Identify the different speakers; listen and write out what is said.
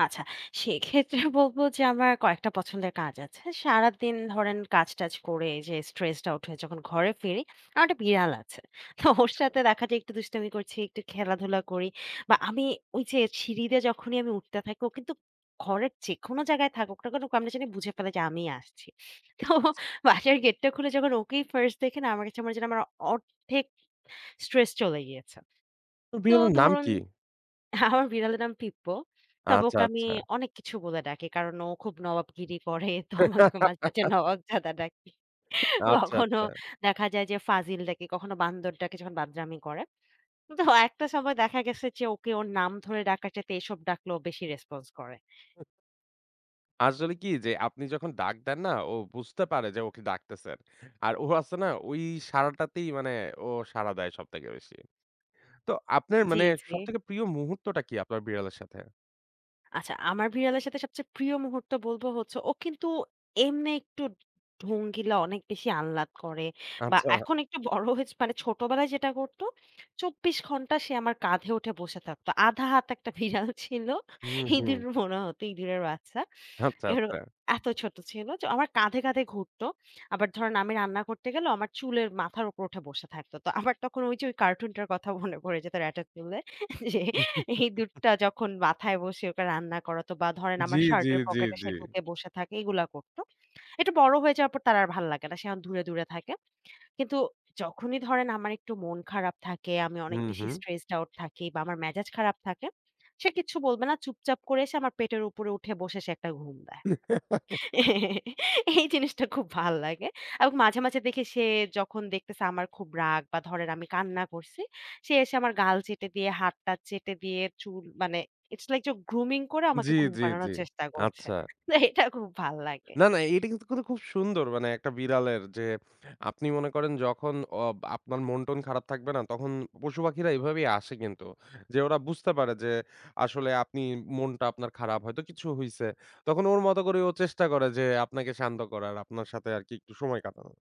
Speaker 1: আচ্ছা, সেক্ষেত্রে বলবো যে আমার কয়েকটা পছন্দের কাজ আছে। সারাদিন ধরেন কাজ-টাজ করে এইযে stressed out হয়ে যখন ঘরে ফিরি, আমার একটা বিড়াল আছে। তো ওর
Speaker 2: আচ্ছা।
Speaker 1: সাথে দেখা যায় একটু দুষ্টামি করছি, একটু খেলাধুলা করি। বা আমি ওইযে সিঁড়ি দিয়ে যখনই আমি উঠতে থাকি ও কিন্তুক ঘরের যেকোনো জায়গায় থাকুক না কেন, ও কেমনে জানি বুঝে ফেলে যে আমিই আসছি। তো
Speaker 2: আচ্ছা, আচ্ছা।
Speaker 1: বাসার গেটটা খুলে যখন ওকেই ফার্স্ট দেখি না? আমার কাছে মনে যে আমার ১/২ স্ট্রেস চলে গিয়েছে।
Speaker 2: তো
Speaker 1: তো
Speaker 2: বিড়ালের নাম
Speaker 1: ধরুন
Speaker 2: কি?
Speaker 1: আমার বিড়ালের নাম পিপ্পো। তবে
Speaker 2: আচ্ছা,
Speaker 1: ওকে আমি
Speaker 2: আচ্ছা।
Speaker 1: অনেক কিছু বলে ডাকি। কারণ ও খুব নবাবগিরি করে। তো [unintelligible] মাঝ মাঝে নবাবজাদা ডাকি।
Speaker 2: আচ্ছা,
Speaker 1: কখনো
Speaker 2: আচ্ছা।
Speaker 1: দেখা যায় যে ফাজিল ডাকি, কখনো বান্দর ডাকি, যখন বাদরামি করে। তো একটা সময় দেখা গেছে যে ওকে ওর নাম ধরে ডাকার চাইতে এসব ডাকলে ও বেশি response করে।
Speaker 2: আসলে কি যে আপনি যখন ডাক দেন না ও বুঝতে পারে যে ওকে ডাকতেছেন। আর ও আছে না ওই সাড়াটাতেই মানে ও সাড়া দেয় সব থেকে বেশি। তো আপনার
Speaker 1: জি,
Speaker 2: মানে
Speaker 1: জি।
Speaker 2: সব থেকে প্রিয় মুহূর্তটা কি আপনার বিড়ালের সাথে?
Speaker 1: আচ্ছা। আমার বিড়ালের সাথে সবচেয়ে প্রিয় মুহূর্ত বলবো হচ্ছে, ও কিন্তু এমনি একটু ঢঙ্গিলা অনেক বেশি আহ্লাদ করে বা
Speaker 2: আচ্ছা।
Speaker 1: এখন একটু বড় হয়েছে মানে ছোটবেলায় যেটা করতো 24 সে আমার কাঁধে উঠে বসে থাকতো। ১/২ হাত ১ টা ভিড়াল ছিল।
Speaker 2: হুম,
Speaker 1: ইঁদুর
Speaker 2: হুম।
Speaker 1: মনে হতো ইঁদুরের বাচ্চা।
Speaker 2: আচ্ছা,
Speaker 1: এরো
Speaker 2: আচ্ছা।
Speaker 1: এত ছোট ছিল যে ও আমার কাঁধে, কাঁধে ঘুরতো। আবার ধরেন আমি রান্না করতে গেলেও আমার চুলের মাথার উপরে উঠে বসে থাকতো। তো আমার তখন ওই যে কার্টুনটার কথা মনে পড়ে যেত 'Rattatoulle' ইঁদুরটা যখন মাথায় বসে ওকে রান্না করাতো বা ধরেন
Speaker 2: জি,
Speaker 1: আমার
Speaker 2: জি,
Speaker 1: শার্টের
Speaker 2: জি,
Speaker 1: পকেটে
Speaker 2: জি।
Speaker 1: সে ঢুকে বসে থাকে এইগুলা করত। একটু বড় হয়ে যাওয়ার পর তার আর ভাল লাগে না। সে এখন দূরে, দূরে থাকে। কিন্তু যখনই ধরেন আমার একটু মন খারাপ থাকে, আমি অনেক
Speaker 2: হুম,
Speaker 1: বেশি
Speaker 2: হুম।
Speaker 1: stressed out থাকি বা আমার মেজাজ খারাপ থাকে, সে কিচ্ছু বলবে না। চুপচাপ করে এসে আমার পেটের উপরে উঠে বসে সে একটা ঘুম দেয়। এই জিনিসটা খুব ভাল লাগে। আর ও কে মাঝে, মাঝে দেখে সে যখন দেখতেছে আমার খুব রাগ বা ধরেন, আমি কান্না করছি। সে এসে আমার গাল চেটে দিয়ে হাত-টাত চেটে দিয়ে চুল মানে It's like যে grooming করে
Speaker 2: জি,
Speaker 1: আমাকে ঘুম
Speaker 2: জি,
Speaker 1: পাড়ানোর
Speaker 2: জি।
Speaker 1: চেষ্টা করছে।
Speaker 2: আচ্ছা।
Speaker 1: তে এটা খুব ভাল লাগে।
Speaker 2: না, না এটা কিন্তু [unintelligible] খুব সুন্দর মানে একটা বিড়ালের যে, আপনি মনে করেন যখন অ আপনার মন-টন খারাপ থাকবে না? তখন পশু-পাখিরা এভাবেই আসে কিন্তু। যে ওরা বুঝতে পারে যে আসলে আপনি মনটা আপনার খারাপ, হয়তো কিছু হইছে। তখন ওর মত করে ও চেষ্টা করে যে আপনাকে শান্ত করার, আপনার সাথে আরকি একটু সময় কাটানো।